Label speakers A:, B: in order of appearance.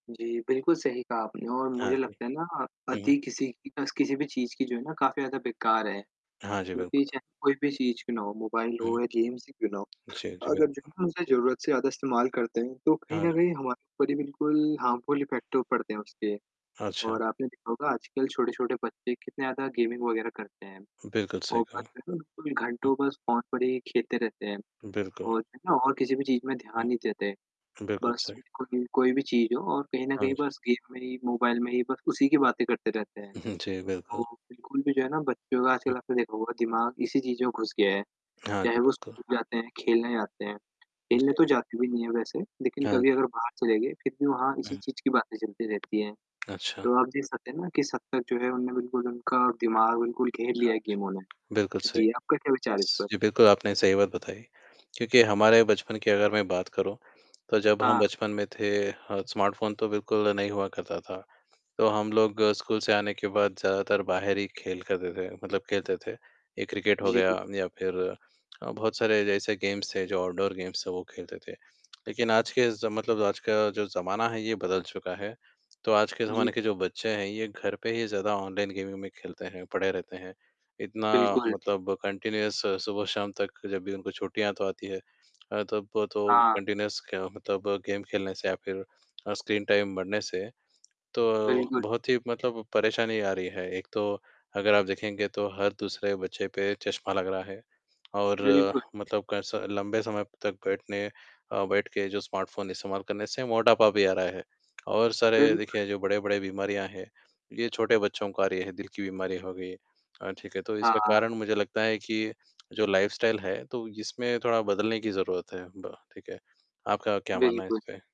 A: जी, बिल्कुल सही कहा आपने और
B: हाँ
A: मुझे
B: जी।
A: लगता है ना अ,
B: हुँ, हुँ।
A: अति किसी की अस किसी भी चीज़ की जो है ना काफ़ी ज़्यादा बेकार है।
B: हाँ जी,
A: यूपी
B: बिल्कुल।
A: चाहे कोई भी चीज़ क्यों ना हो मोबाइल
B: हुँ।
A: हो या गेम्स ही क्यों ना हो,
B: जी, जी।
A: अगर जो
B: बिल्कुल।
A: हम उसे ज़रूरत से ज़्यादा इस्तेमाल करते हैं तो कहीं
B: हाँ
A: न
B: जी।
A: कहीं हमारे ऊपर ही बिल्कुल हार्मफुल इफ़ेक्ट तो पड़ते हैं उसके।
B: अच्छा।
A: और आपने देखा होगा आजकल छोटे-छोटे बच्चे कितने ज़्यादा गेमिंग वग़ैरह करते हैं।
B: बिल्कुल सही
A: वो
B: कहा।
A: बस
B: हुँ।
A: [unintelligible] देखो घंटों बस फ़ोन पर ही खेलते रहते हैं
B: बिल्कुल।
A: और जो है ना किसी भी चीज़ में
B: हुँ।
A: ध्यान नहीं देते।
B: बिल्कुल
A: बस
B: सही।
A: बिल्कुल कोई भी चीज़ हो और कहीं न
B: हाँ
A: कहीं
B: जी।
A: बस गेम में ही मोबाइल में ही बस उसी की बातें करते रहते हैं।
B: हुँ। जी, बिल्कुल।
A: तो बिल्कुल भी जो है ना बच्चों का आजकल आपने देखा हुआ है दिमाग इसी चीज़ों में घुस गया है।
B: हाँ जी,
A: चाहे वो
B: बिल्कुल।
A: स्कूल जाते हैं या खेलने जाते हैं, खेलने तो
B: जी।
A: जाते भी नहीं हैं वैसे, लेक़िन
B: हाँ
A: कभी
B: जी।
A: अगर बाहर चले गए फ़िर भी वहाँ इसी
B: हुँ।
A: चीज़ की बातें चलती रहती हैं।
B: अच्छा।
A: तो आप देख सकते हैं न किस हद तक ना किस हद तक जो है उन्हें बिल्कुल उनका दिमाग बिल्कुल घेर लिया
B: हाँ
A: है
B: जी।
A: गेमों ने।
B: बिल्कुल सही।
A: जी, आपका क्या विचार है इस पर?
B: जी बिल्कुल आपने सही बात बताई, क्योंकि हमारे बचपन की अगर मैं बात करूँ, तो जब हम
A: हाँ।
B: बचपन में थे अ, स्मार्टफ़ोन तो बिल्कुल नहीं हुआ करता था। तो हम लोग स्कूल से आने के बाद ज़्यादातर बाहर ही खेल करते थे मतलब खेलते थे। ये क्रिकेट हो गया
A: जी।
B: या फ़िर अ, बहुत सारे जैसे गेम्स थे जो आउटडोर गेम्स थे वो खेलते थे। लेक़िन आज के ज़ मतलब आज का जो ज़माना है ये बदल चुका है। तो आज के
A: जी।
B: ज़माने के जो बच्चे हैं ये घर पे ही ज़्यादा ऑनलाइन गेमिंग में खेलते हैं, पड़े रहते हैं, इतना
A: बिल्कुल।
B: मतलब कंटिन्यूअस सुबह-शाम तक जब भी उनको छुट्टियाँ तो आती हैं। अ, तब तो
A: हाँ।
B: कंटिन्यूअस क मतलब गेम खेलने से या फ़िर अ, स्क्रीन टाइम बढ़ने से। तो
A: बिल्कुल।
B: बहुत ही मतलब परेशानी आ रही है, एक तो अगर आप देखेंगे तो हर दूसरे बच्चे पे चश्मा लग रहा है। और
A: बिल्कुल।
B: मतलब कैसा लंबे समय तक बैठने अ, बैठ के जो स्मार्टफ़ोन इस्तेमाल करने से मोटापा भी आ रहा है। और सारे
A: बिल्कुल।
B: देखिए जो बड़े-बड़े बीमारियाँ हैं, ये छोटे बच्चों को आ रही हैं दिल की बीमारी हो गई। अ, ठीक है तो इसका
A: हाँ।
B: कारण मुझे लगता है कि, जो लाइफ़स्टाइल है तो इसमें थोड़ा बदलने की ज़रूरत है ब ठीक है? आपका क्या मानना है
A: बिल्कुल।
B: इसपे?